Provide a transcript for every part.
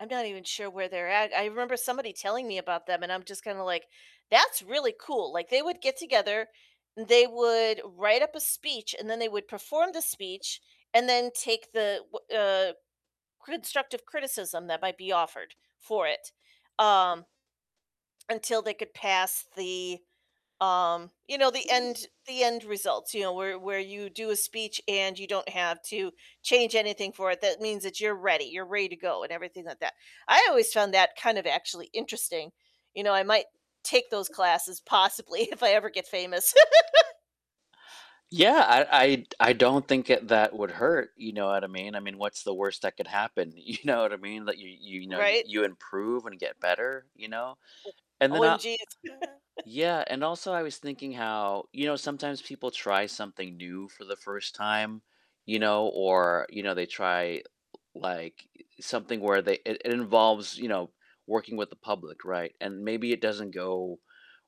I'm not even sure where they're at, I remember somebody telling me about them, and I'm just kinda like, "That's really cool," like, they would get together, they would write up a speech, and then they would perform the speech, and then take the wh uh, constructive criticism that might be offered for it, um Until they could pass the, um you know, the end the end results, you know, where where you do a speech, and you don't have to change anything for it, that means that you're ready you're ready to go, and everything like that. I always found that kind of actually interesting, you know, I might take those classes possibly if I ever get famous. Yeah, I I I don't think it that would hurt, you know what I mean I mean, what's the worst that could happen, you know what I mean, that you you know, you Right. you improve, and get better, you know, and then, uh OMGs. yeah, and also I was thinking how you know, sometimes people try something new for the first time, you know or, you know, they try, l like, i i something where they, it it involves, you know, working with the public, right, and maybe it doesn't go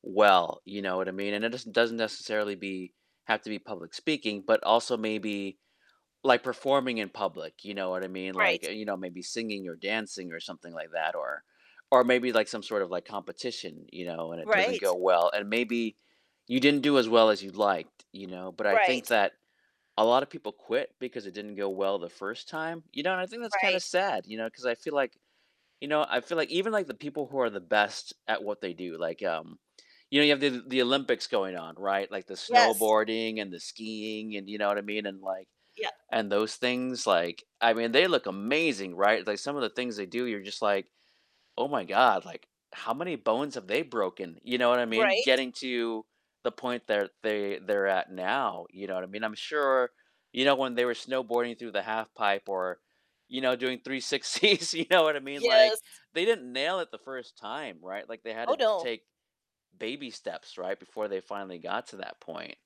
well, you know what I mean, and it doesn't doesn't necessarily be have to be public speaking, but also maybe, like, performing in public, you know what I mean, like, Right. you know, maybe singing, or dancing, or something like that or or maybe, like, some sort of, like, competition, you know, and it doesn't go Right. well, and maybe you didn't do as well as you'd liked, you know, but I think Right. that a lot of people quit because it didn't go well the first time. You know, and I think that's kinda Right. sad, you know, 'cause I feel like you know, I feel like even, like, the people who are the best at what they do, like, um you know, you have the the Olympics going on, right, like, the Yes. snowboarding, and the skiing, and, you know what I mean, and, like Yeah. and those things, like, I mean, they look amazing, right, like, some of the things they do, you're just like, "Oh my god," like, "How many bones have they broken," you know what I mean. Right. Getting to the point that they they're at now, you know what I mean, I'm sure, you know, when they were snowboarding through the half pipe, or, you know, doing 360s, you know what I mean, like, Yes. they didn't nail it the first time, right. Like, they had Oh, to no. take baby steps, right, before they finally got to that point.